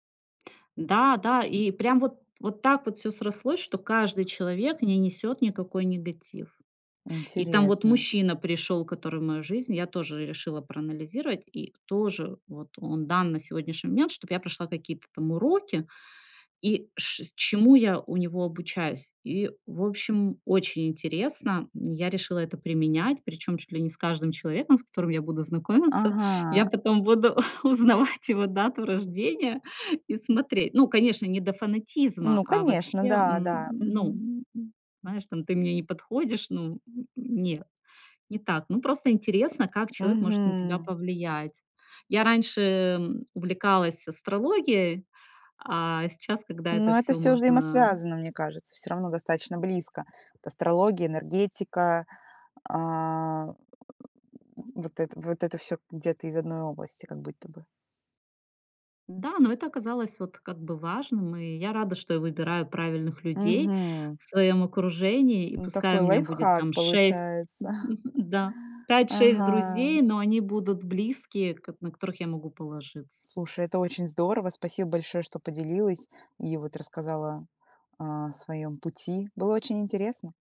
Да, да. И прям вот вот так вот всё срослось, что каждый человек не несёт никакой негатив. И там вот Интересно. мужчина пришёл, который в мою жизнь, я тоже решила проанализировать, и тоже вот он дан на сегодняшний момент, чтобы я прошла какие-то там уроки и ш чему я у него обучаюсь. И, в общем, очень интересно, я решила это применять, причём чуть ли не с каждым человеком, с которым я буду знакомиться. Я Ага. потом буду узнавать его дату рождения и смотреть. Ну, конечно, не до фанатизма, Ну а конечно. вообще, Да, м, да. ну, Мгм. м, знаешь, там: "ты мне не подходишь", ну, н н нет, не так. Ну просто интересно, как человек может на тебя Мгм. повлиять. Я раньше, э, м, увлекалась астрологией, а сейчас, когда это Ну, это всё всё можно, а взаимосвязано, мне кажется, всё равно достаточно близко. Астрология, энергетика, а, вот это вот это всё где-то из одной области, как будто бы. Да, но это оказалось вот как бы важным, и я рада, что я выбираю правильных людей Мгм. в своём окружении. И Ну пускай такой у меня будет лайфхак там 6, получается. да, 5-6 Ага. друзей, но они будут близкие, кот на которых я могу положиться. Слушай, это очень здорово. Спасибо большое, что поделилась и вот рассказала, а, о своём пути. Было очень интересно.